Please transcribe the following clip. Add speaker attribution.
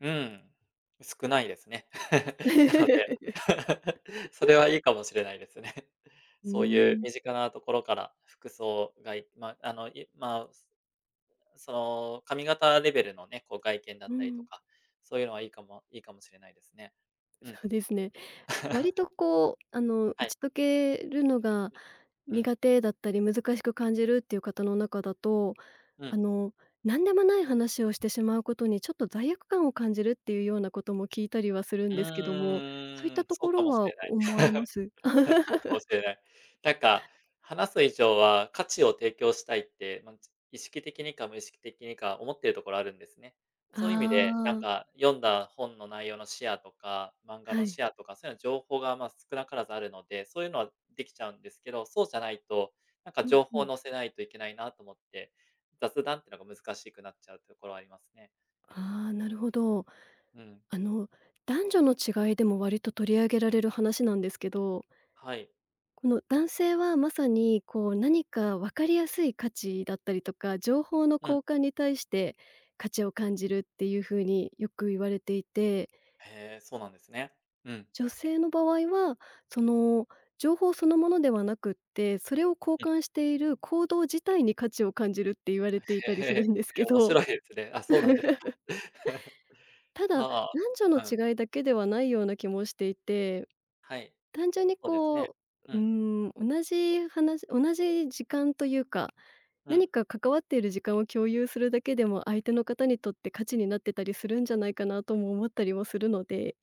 Speaker 1: うん、少ないですね。なので、それはいいかもしれないですね。
Speaker 2: うー
Speaker 1: そういう
Speaker 2: ん。
Speaker 1: 身近なところから、服装がいま、あの、いまうすその、髪型レベルのね、こう外見だ
Speaker 2: う
Speaker 1: ったりと
Speaker 2: ん。
Speaker 1: か、そういうのはいいかもいいかもしれないですね。う
Speaker 2: そ
Speaker 1: ん。
Speaker 2: うですね。割 とこう、あの、打
Speaker 1: はい。
Speaker 2: ち解けるのが
Speaker 1: うん。
Speaker 2: 苦手だったり難しく感じるっていう方の中だと、
Speaker 1: う
Speaker 2: あ
Speaker 1: ん。
Speaker 2: の、なんでもない話をしてしまうことに、ちょっと罪悪感を感じるっていうようなことも聞いたりはする
Speaker 1: う
Speaker 2: んですけども、そういっ
Speaker 1: ー
Speaker 2: た
Speaker 1: ん、
Speaker 2: と
Speaker 1: そ
Speaker 2: こ
Speaker 1: うか
Speaker 2: ろ
Speaker 1: もし
Speaker 2: は
Speaker 1: れない。
Speaker 2: 思われま す？
Speaker 1: そうかも しれない。なんか、話す以上は価値を提供したいって、まんぞ意識的にか無意識的にか思ってるところあるんですね。そういう意味で、なん
Speaker 2: ああ。
Speaker 1: か読んだ本の内容のシェアとか漫画
Speaker 2: は
Speaker 1: の
Speaker 2: い。
Speaker 1: シェアとか、そういうの情報が、ま、少なからずあるので、そういうのはできちゃうんですけど、そうじゃないと、なんか
Speaker 2: うん、
Speaker 1: 情
Speaker 2: ふ
Speaker 1: 報を
Speaker 2: ん。
Speaker 1: 載せないといけないなと思って、雑談ってのが難しくなっちゃうところはありますね。
Speaker 2: ああ、なるほど。
Speaker 1: うん。
Speaker 2: あの、男女の違いでも割と取り上げられる話なんですけど
Speaker 1: はい。
Speaker 2: この、男性はまさに、こう、何か分かりやすい価値だったりとか、情報の
Speaker 1: うん。
Speaker 2: 交換に対して価値を感じるっていう風によく言われていて
Speaker 1: へえ、そうなんですね。うん。
Speaker 2: 女性の場合は、その、情報そのものではなくって、それを交
Speaker 1: うん。
Speaker 2: 換している行動自体に価値を感じるって言われていたり
Speaker 1: へ、へ
Speaker 2: す
Speaker 1: え、
Speaker 2: るんです
Speaker 1: い
Speaker 2: け
Speaker 1: や、面
Speaker 2: ど
Speaker 1: 白いですね。あ、そうなんでか。
Speaker 2: ただ、
Speaker 1: は
Speaker 2: なんじょの
Speaker 1: あ、うん。
Speaker 2: 違いだけではないような気もしていて、
Speaker 1: はい。
Speaker 2: 単純に
Speaker 1: そうですね。
Speaker 2: こ
Speaker 1: う
Speaker 2: う、うー
Speaker 1: ん。
Speaker 2: ん、同じ話同じ時間というか、
Speaker 1: うん。
Speaker 2: 何か関わっている時間を共有するだけでも、相手の方にとって価値になってたりするんじゃないかなとも思ったりもするので